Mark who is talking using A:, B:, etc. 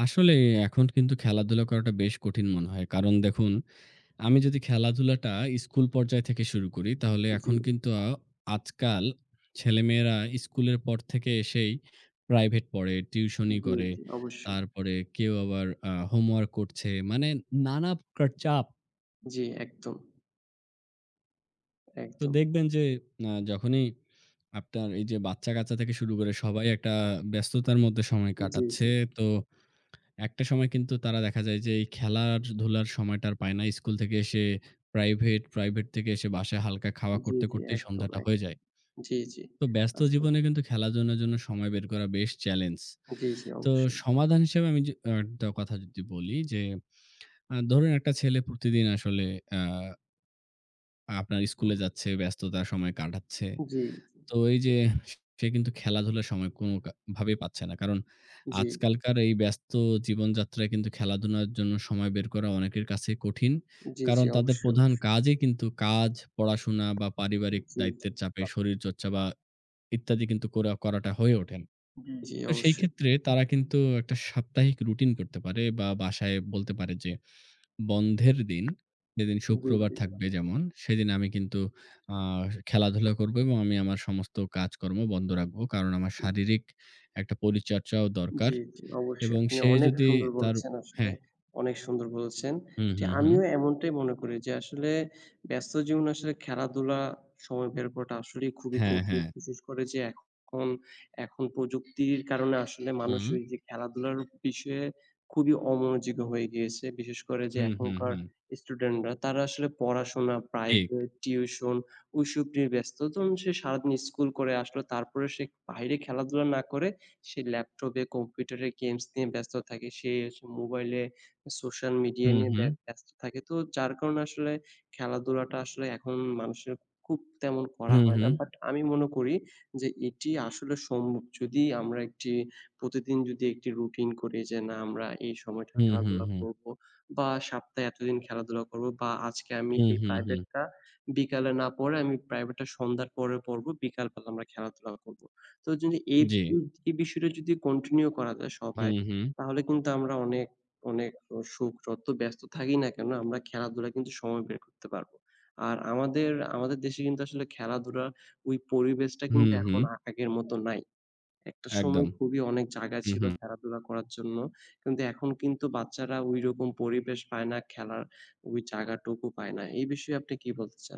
A: আসলে এখন কিন্তু খেলাধুলা করাটা বেশ কঠিন মনে হয়। কারণ দেখুন, আমি যদি খেলাধুলাটা স্কুল পর্যায় থেকে শুরু করি, তাহলে
B: জি।
A: এখন কিন্তু আজকাল ছেলেমেয়েরা স্কুলের পর থেকে এসেই private পড়ে, টিউশনি
B: জি,
A: করে।
B: জি অবশ্যই।
A: তারপরে কেউ আবার আ homework করছে। মানে নানা প্রকার চাপ।
B: জি, একদম।
A: তো
B: একদম।
A: দেখবেন যে আ যখনই আপনার এই যে বাচ্চাকাচ্চা থেকে শুরু করে সবাই একটা ব্যস্ততার মধ্যে সময়
B: জি,
A: কাটাচ্ছে।
B: জি।
A: তো একটা সময় কিন্তু তারা দেখা যায় যে এই খেলার-ধুলার সময়টা আর পায় না। স্কুল থেকে এসে private, private থেকে এসে বাসায় হালকা খাওয়া
B: জি,
A: করতে
B: জি।
A: করতেই
B: একদম,
A: সন্ধ্যাটা হয়ে
B: একদম।
A: যায়।
B: জি, জি
A: তো ব্যস্ত
B: আচ্ছা।
A: জীবনে কিন্তু খেলাধুলার জন্য সময় বের করা বেশ challenge।
B: জি, জি।
A: তো
B: অবশ্যই।
A: সমাধান হিসেবে আমি যে অ্যা দা কথা যদি বলি যে অ্যা ধরুন একটা ছেলে প্রতিদিন আসলে অ্যা আপনার স্কুলে যাচ্ছে, ব্যস্ততার সময় কাটাচ্ছে।
B: জি, জি।
A: তো এই যে সে কিন্তু খেলাধুলার সময় কোনো কা ভাবেই পাচ্ছে না। কারণ
B: জি।
A: আজকালকার এই ব্যস্ত জীবনযাত্রায় কিন্তু খেলাধুলার জন্য সময় বের করা অনেকের কাছেই কঠিন।
B: জি, জি,
A: কারণ তাদের
B: অবশ্যই,
A: প্রধান
B: অবশ্যই।
A: কাজই কিন্তু কাজ, পড়াশোনা বা পারিবারিক
B: জি, জি।
A: দায়িত্বের চাপে শরীরচর্চা বা ইত্যাদি কিন্তু কোরা করাটা হয়ে ওঠে না।
B: জি, জি
A: তো সেই
B: অবশ্যই।
A: ক্ষেত্রে তারা কিন্তু একটা সাপ্তাহিক routine করতে পারে বা বাসায় বলতে পারে যে "বন্ধের দিন যেদিন
B: জি,
A: শুক্রবার
B: জি।
A: থাকবে যেমন, সেদিন আমি কিন্তু আ খেলাধুলা করব এবং আমি আমার সমস্ত কাজকর্ম বন্ধ রাখব। কারণ আমার
B: হুম।
A: শারীরিক একটা পরিচর্চাও দরকার।"
B: জি, জি, অবশ্যই।
A: এবং
B: আপনি
A: সে
B: অনেক
A: যদি
B: সুন্দর
A: তার
B: বলেছেন, আসলে
A: হ্যাঁ।
B: অনেক সুন্দর বলেছেন।
A: হুম,
B: জি,
A: হুম, হুম।
B: আমিও এমনটাই মনে করি যে আসলে ব্যস্ত জীবনে আসলে খেলাধুলা সময় বের করাটা আসলেই খুবই
A: হ্যাঁ,
B: কঠিন।
A: হ্যাঁ।
B: বিশেষ করে যে এখন এখন প্রযুক্তির কারণে আসলে মানুষ
A: হুম।
B: এই যে খেলাধুলার বিষয়ে খুবই অমনোযোগী হয়ে গিয়েছে। বিশেষ করে যে
A: হুম, হুম,
B: এখনকার
A: হুম।
B: student রা তারা আসলে পড়াশোনা,
A: ঠিক।
B: private, tuition ওইসব নিয়ে ব্যস্ত। ধরুন সে সারাদিন school করে আসলো তারপরে সে বাইরে খেলাধুলা না করে সে laptop এ computer এ games নিয়ে ব্যস্ত থাকে। সে স mobile এ social media
A: হুম,
B: নিয়ে
A: হুম।
B: ব্যা ব্যস্ত থাকে। তো যার কারণে আসলে খেলাধুলাটা আসলে এখন মানুষের খুব তেমন করা
A: হুম,
B: হয় না।
A: হুম।
B: But আমি মনে করি যে এটি আসলে সম যদি আমরা একটি প্রতিদিন যদি একটি routine করি যে না আমরা এই সময়টা
A: হুম, হুম,
B: খেলাধুলা
A: হুম।
B: করব। বা সপ্তাহে এতদিন খেলাধুলা করব বা আজকে আমি
A: হুম,
B: এই
A: হুম, হুম।
B: private টা বিকালে না পড়ে আমি private টা সন্ধ্যার পরে পড়ব, বিকালবেলা আমরা খেলাধুলা করব। তো যদি এই
A: জি।
B: উ এই বিষয়টা যদি continue করা যায় সবাই,
A: হুম, হুম।
B: তাহলে কিন্তু আমরা অনেক, অনেক সুখ যতো ব্যস্ত থাকি না কেনো? আমরা খেলাধুলায কিন্তু সময় বের করতে পারব। আর আমাদের আমাদের দেশে কিন্তু আসলে খেলাধুলার ওই পরিবেশটা কিন্তু
A: হুম,
B: এখন
A: হুম।
B: আ আগের মত নাই। একটা সময়
A: একদম।
B: খুবই অনেক জায়গা
A: হুম,
B: ছিল
A: হুম।
B: খেলাধুলা করার জন্য। কিন্তু এখন কিন্তু বাচ্চারা ওই রকম পরিবেশ পায় না, খেলার ওই জায়গাটুকু পায় না। এই বিষয়ে আপনি কি বলতে চান?